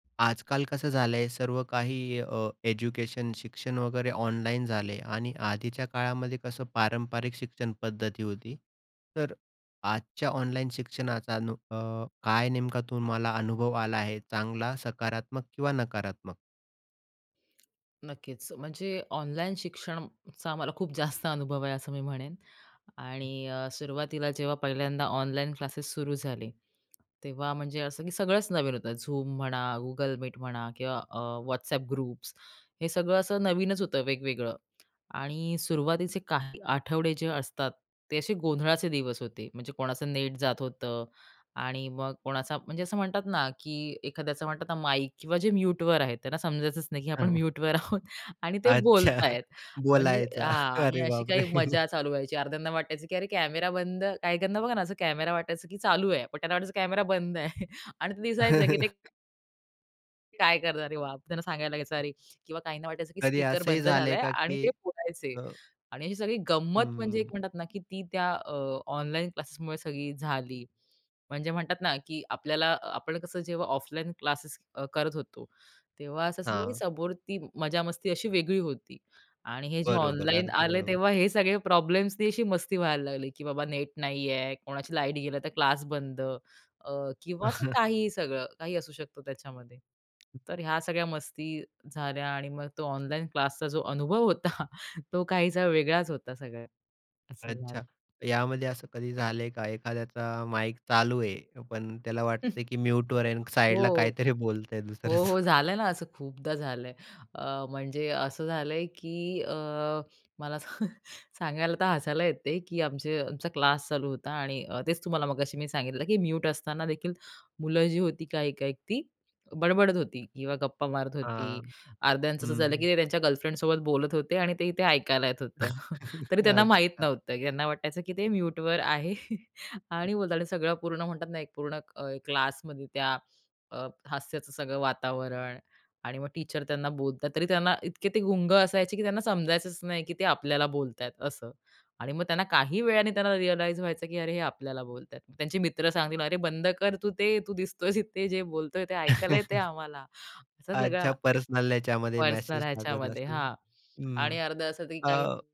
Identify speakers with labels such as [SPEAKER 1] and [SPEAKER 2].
[SPEAKER 1] आजकाल कसं झालंय सर्व काही अ, एज्युकेशन शिक्षण वगैरे ऑनलाईन झालंय. आणि आधीच्या काळामध्ये कसं पारंपरिक शिक्षणपद्धती होती. तर अ, आजच्या ऑनलाईन शिक्षणाचा नु अ, काय नेमका तुम्हाला अनुभव आला आहे चांगला सकारात्मक किंवा नकारात्मक?
[SPEAKER 2] नक्कीच. म्हणजे ऑनलाईन शिक्षणचा आम्हाला खूप जास्त अनुभव आहे, असं मी म्हणेन. आणि अ, सुरवातीला जेव्हा पहिल्यांदा ऑनलाईन क्लासेस सुरू झाले तेव्हा म्हणजे असं की सगळंच नवीन होतं. Zoom म्हणा Google Meet म्हणा किंवा अ, WhatsApp ग्रुप्स हे सगळं असं नवीनच होतं वेगवेगळं. आणि सुरुवातीचे काही आठवडे जे असतात, ते असे गोंधळाचे दिवस होते. म्हणजे कोणाचं नेट जात होतं आणि मग कोणाचा म्हणजे असं म्हणतात ना, की एखाद्याचं म्हणतात ना, माईक किंवा जे म्यूटवर आहेत, त्यांना समजायचंच नाही की आपण
[SPEAKER 1] हां.
[SPEAKER 2] म्यूटवर आहोत आणि ते
[SPEAKER 1] अच्छा.
[SPEAKER 2] बोलताहेत म्हणजे
[SPEAKER 1] बोलायचा.
[SPEAKER 2] हां. आणि
[SPEAKER 1] अरे
[SPEAKER 2] अशी
[SPEAKER 1] बापरे!
[SPEAKER 2] काही मजा चालू व्हायची अर्ध्‍यान्न्‍या वाटायचं की अरे कॅमेरा बंद काही काहींना बघा ना, असं कॅमेरा वाटायचं, की चालू आहे, पण त्यांना वाटायचं कॅमेरा बंद आहे. आणि ते दिसायचं की ते काय करणार आहे मग. त्यांना सांगायला लागायचं, "अरे" किंवा काहींना वाटायचं की
[SPEAKER 1] कधी
[SPEAKER 2] स्पीकर
[SPEAKER 1] असंही
[SPEAKER 2] बंद
[SPEAKER 1] झालं आहे
[SPEAKER 2] झालंय
[SPEAKER 1] का
[SPEAKER 2] आणि
[SPEAKER 1] की
[SPEAKER 2] ते बोलायचे
[SPEAKER 1] अ
[SPEAKER 2] आणि अशी सगळी
[SPEAKER 1] हं,
[SPEAKER 2] गंमत म्हणजे एक
[SPEAKER 1] हं.
[SPEAKER 2] म्हणतात ना की ती त्या अ, ऑनलाईन क्लासेसमुळे सगळी झाली. म्हणजे म्हणतात ना, की आपल्याला आपण कसं जेव्हा ऑफलाईन क्लासेस अ, करत होतो, तेव्हा असं
[SPEAKER 1] हां.
[SPEAKER 2] समोर ती मजा-मस्ती अशी वेगळी होती आणि हे जे
[SPEAKER 1] बरोबर,
[SPEAKER 2] ऑनलाईन
[SPEAKER 1] अगदी
[SPEAKER 2] आले,
[SPEAKER 1] बरोबर.
[SPEAKER 2] तेव्हा हे सगळे प्रॉब्लेम्सनी अशी मस्ती व्हायला लागली, की बाबा नेट नाही आहे, कोणाची लाईट गेली तर क्लास बंद अ, किंवा असं काहीही सगळं. काही असू शकतं त्याच्यामध्ये.
[SPEAKER 1] हं.
[SPEAKER 2] तर ह्या सगळ्या मस्ती झाल्या आणि मग तो ऑनलाईन क्लासचा जो अनुभव होता, तो काहीसा वेगळाच होता सगळं, असं झालं.
[SPEAKER 1] अच्छा. यामध्ये असं कधी झालंय का एखाद्याचा माईक चालू आहे. पण त्याला वाटतंय, की म्यूटवर आहे आणि साइडला
[SPEAKER 2] हो.
[SPEAKER 1] काहीतरी बोलत आहे
[SPEAKER 2] हो, हो,
[SPEAKER 1] दुसरच?
[SPEAKER 2] झालंय ना असं, खूपदा झालंय. अ, म्हणजे असं झालंय, की अ, मला सां सांगायला तर हसायला येते की आमचे आमचा क्लास चालू होता आणि तेच तुम्हाला मगाशी मी सांगितलं की म्यूट असताना देखील मुलं जी होती काही-काही ती बडबडत होती किंवा गप्पा मारत होती.
[SPEAKER 1] हां.
[SPEAKER 2] अर्ध्यांचं असं
[SPEAKER 1] हं,
[SPEAKER 2] झालं, की
[SPEAKER 1] हं.
[SPEAKER 2] ते त्यांच्या गर्लफ्रेंडसोबत बोलत होते आणि ते इथे ऐकायला येत होतं. तरी त्यांना माहीत
[SPEAKER 1] अच्छा.
[SPEAKER 2] नव्हतं त्यांना वाटायचं, की ते म्यूटवर आहे. आणि बोलतात सगळं पूर्ण म्हणतात ना, एक पूर्ण अ, क्लासमध्ये त्या अ, हास्याचं सगळं वातावरण आणि मग टीचर त्यांना बोलतात तरी त्यांना इतके ते गुंग असायचे, की त्यांना समजायचंच नाही, की ते आपल्याला बोलतात असं आणि मग त्यांना काही वेळाने त्यांना रिअलाईज व्हायचं, की अरे हे आपल्याला बोलतात. त्या त्यांचे मित्र सांगतील, "अरे, बंद कर तू ते, तू दिसतोयस इथे, जे बोलतोय ते ऐकायला येते आम्हाला," असा
[SPEAKER 1] अच्छा,
[SPEAKER 2] सगळा
[SPEAKER 1] पर्सनल ह्याच्यामध्ये
[SPEAKER 2] पर्सनल
[SPEAKER 1] मेसेज टाकत
[SPEAKER 2] ह्याच्यामध्ये.
[SPEAKER 1] असेल,
[SPEAKER 2] हां.
[SPEAKER 1] हं.
[SPEAKER 2] आणि अर्ध असं तरी काही
[SPEAKER 1] हो.